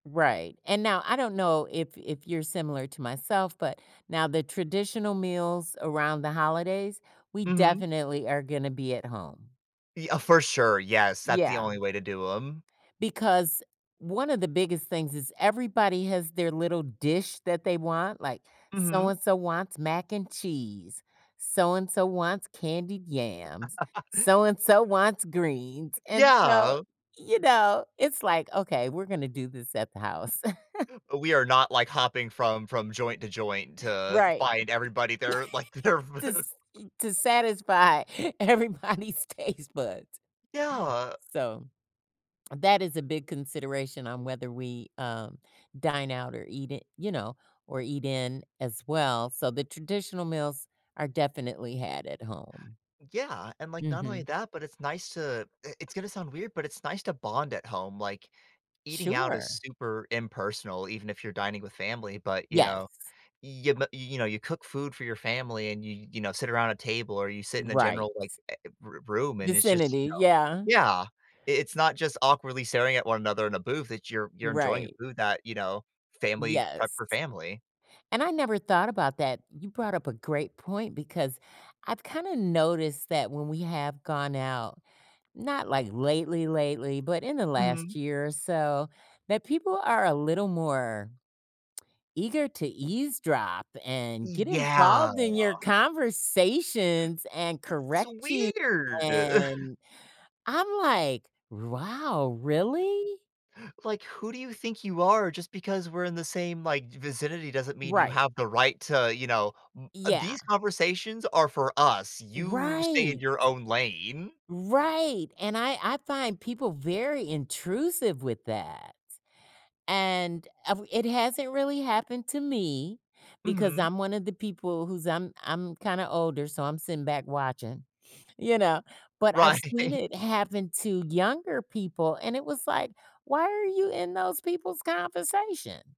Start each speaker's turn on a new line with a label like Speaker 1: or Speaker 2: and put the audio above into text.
Speaker 1: Right, and now, I don't know if if you're similar to myself, but now the traditional meals around the holidays, we
Speaker 2: Mhm.
Speaker 1: definitely are gonna be at home.
Speaker 2: Y uh, for sure, yes, that's the
Speaker 1: Yeah.
Speaker 2: only way to do 'em.
Speaker 1: Because one of the biggest things is everybody has their little dish that they want, like,
Speaker 2: Mhm.
Speaker 1: so-and-so wants mac and cheese, so-and-so wants candied yams, so-and-so wants greens. And so,
Speaker 2: Yeah.
Speaker 1: you know, it's like, "Okay, we're gonna do this at the house."
Speaker 2: We are not like hopping from from joint to joint to
Speaker 1: Right.
Speaker 2: find everybody they're like, they're v
Speaker 1: To s e to satisfy everybody's taste buds.
Speaker 2: Yeah.
Speaker 1: So, that is a big consideration on whether we, um, dine out or eat it you know, or eat in as well, so the traditional meals are definitely had at home.
Speaker 2: Yeah, and, like, not only
Speaker 1: Mhm.
Speaker 2: that, but it's nice to, eh, it's gonna sound weird, but it's nice to bond at home. Like, eating out is
Speaker 1: Sure.
Speaker 2: super impersonal, even if you're dining with family. But, you know,
Speaker 1: Yes.
Speaker 2: you m you know, you cook food for your family and you you know, sit around a table or you sit in a
Speaker 1: Right.
Speaker 2: general, like, eh eh, r room and it's just, you
Speaker 1: Vicinity,
Speaker 2: know
Speaker 1: yeah.
Speaker 2: Yeah, i it's not just awkwardly staring at one another in a booth, it's you're you're enjoying the
Speaker 1: Right.
Speaker 2: food that, you know, family prep
Speaker 1: Yes.
Speaker 2: for family.
Speaker 1: And I never thought about that. You brought up a great point because I've kinda noticed that when we have gone out, not, like, lately, lately, but in the
Speaker 2: Mhm.
Speaker 1: last year or so, that people are a little more eager to eavesdrop and get
Speaker 2: Yeah.
Speaker 1: involved in your conversations and
Speaker 2: It's
Speaker 1: correct you,
Speaker 2: weird.
Speaker 1: and I'm like, "Wow, really?"
Speaker 2: Like, who do you think you are? Just because we're in the same, like, vicinity doesn't mean you
Speaker 1: Right.
Speaker 2: have the right to, you know, m uh,
Speaker 1: Yeah.
Speaker 2: these conversations are for us. You stay in
Speaker 1: Right.
Speaker 2: your own lane.
Speaker 1: Right, and I I find people very intrusive with that. And av it hasn't really happened to me, because
Speaker 2: Mhm.
Speaker 1: I'm one of the people who's I'm I'm kinda older, so I'm sitting back watching, you know, but I've seen
Speaker 2: Right.
Speaker 1: it happen to younger people, and it was like, "Why are you in those people's conversation?"